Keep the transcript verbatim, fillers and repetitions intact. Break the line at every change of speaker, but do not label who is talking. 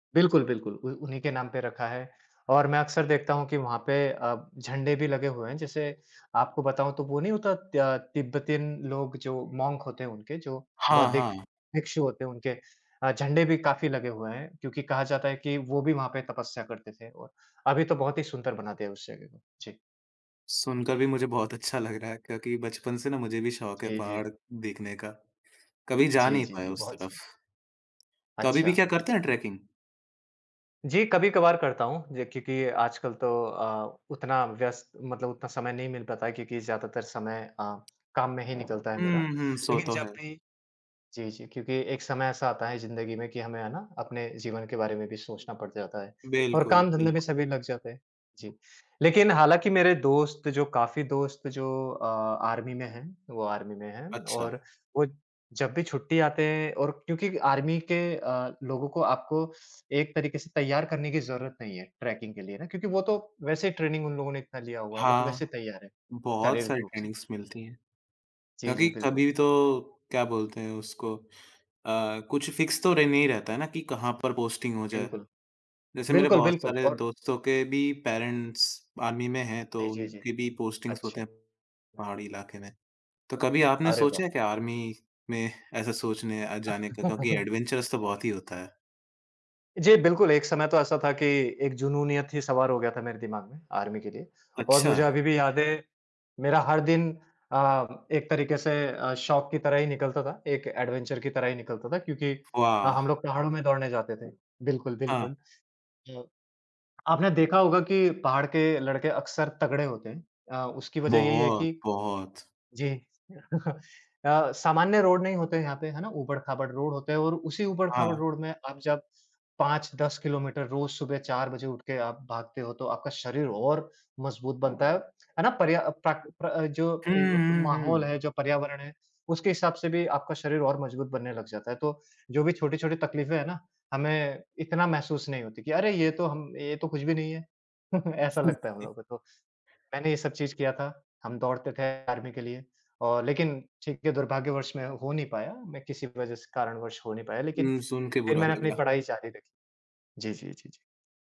बिल्कुल, बिल्कुल, उ उन्हीं के नाम पे रखा है और मैं अक्सर देखता हूँ कि वहाँ पे अ, झंडे भी लगे हुए हैं। जैसे आपको बताऊँ तो वो नहीं होता तय तिब्बतन लोग जो मोंक होते हैं उनके जो
हाँ,
बौद्धिक
हाँ।
भिक्षु होते हैं उनके अ, झंडे भी काफ़ी लगे हुए हैं, क्योंकि कहा जाता है कि वो भी वहाँ पे तपस्या करते थे। और अभी तो बहुत ही सुंदर बना दिया है उस जगह को। जी।
सुनकर भी मुझे बहुत अच्छा लग रहा है क्योंकि बचपन से ना मुझे भी शौक है
जी, जी।
पहाड़ देखने का, कभी जा
जी,
नहीं
जी,
पाया
जी।
उस
बहुत
तरफ़।
सही।
तो अभी-भी क्या
अच्छा।
करते हैं ट्रैकिंग?
जी, कभी-कभार करता हूँ, जी क्योंकि आजकल तो अ, उतना व्यस्त मतलब उतना समय नहीं मिल पाता है क्योंकि ज़्यादातर समय अ, काम में ही निकलता है मेरा
हुँ, हुँ। सो
लेक़िन
तो है।
जब भी जी, जी क्योंकि एक समय ऐसा आता है ज़िंदगी में कि हमें है ना अपने जीवन के बारे में भी सोचना पड़ जाता है। और
बिल्कुल,
काम धंधे में
बिल्कुल।
सभी लग जाते हैं। जी, लेक़िन हालाँकि मेरे दोस्त जो काफ़ी दोस्त जो अ, आर्मी में हैं, वो आर्मी में हैं।
अच्छा।
और वो जब भी छुट्टी आते हैं और क्योंकि आर्मी के अ, लोगों को आपको एक तरीक़े से तैयार करने की ज़रूरत नहीं है ट्रैकिंग के लिए। है ना? क्योंकि वो तो वैसे ही ट्रेनिंग उन लोगों ने इतना लिया हुआ है, वो तो
हाँ,
वैसे ही तैयार हैं,
बहुत
शारीरिक
सारी
रूप से।
ट्रेनिंगस मिलती है।
जी, जी।
क्योंकि
बिल्कुल।
कभी तो क्या बोलते हैं उसको अ, कुछ फ़िक्स तो रह नही रहता है ना कि कहाँ पर पोस्टिंग हो जाए।
बिल्कुल।
जैसे मेरे
बिल्कुल,
बहुत
बिल्कुल
सारे
और
दोस्तों के भी पेरेंट्स आर्मी में हैं तो
जी, जी, जी।
उनकी भी पोस्टिंग्स होते
अच्छा।
हैं, पहाड़ी इलाके में। तो कभी आपने
अरे वाह!
सोचा है क्या आर्मी में ऐसा सोचने अ, जाने का क्योंकि एडवेंचरस तो बहुत ही होता है?
जी बिल्कुल, एक समय तो ऐसा था कि एक जुनूनियत ही सवार हो गया था मेरे दिमाग में आर्मी के लिए। और मुझे
अच्छा।
अभी-भी याद है मेरा हर दिन अ, एक तरीक़े से अ, शौक की तरह ही निकलता था, एक एडवेंचर की तरह ही निकलता था क्योंकि ह हम
वाह!
लोग पहाड़ों में दौड़ने जाते थे। बिल्कुल,
हाँ।
बिल्कुल, अ, आपने देखा होगा कि पहाड़ के लड़के अक्सर तगड़े होते हैं। अ, उसकी वजह यही है
बहुत,
कि
बहुत।
जी अ, सामान्य रोड नहीं होते हैं यहाँ पे। है ना? ऊबड़-खाबड़ रोड होते हैं और उसी
हाँ,
ऊबड़-खाबड़
हाँ।
रोड में आप जब पाँच दस किलोमीटर रोज़ सुबह चार बजे उठ के आप भागते हो तो आपका शरीर और मज़बूत बनता है। है ना? पर्या अ, प्राकृत प्र अ, जो ए
हुँ,
ब ब
हुँ,
माहौल
हुँ।
है जो पर्यावरण है उसके हिसाब से भी आपका शरीर और मजबूत बनने लग जाता है। तो जो भी छोटी-छोटी तकलीफें हैं ना हमें इतना महसूस नहीं होतीं कि अरे! ये तो हम ये तो कुछ भी नहीं है। ऐसा लगता है हम लोगों को तो। मैंने ये सब चीज़ किया था, हम दौड़ते थे आर्मी के लिए और लेक़िन ठीक है, दुर्भाग्यवश में हो नहीं पाया। मैं किसी वजह से कारणवश हो नहीं पाया लेक़िन
हुँ, सुनके
फ़िर
बुरा
मैंने अपनी
लगला।
पढ़ाई जारी रखी। जी, जी, जी, जी।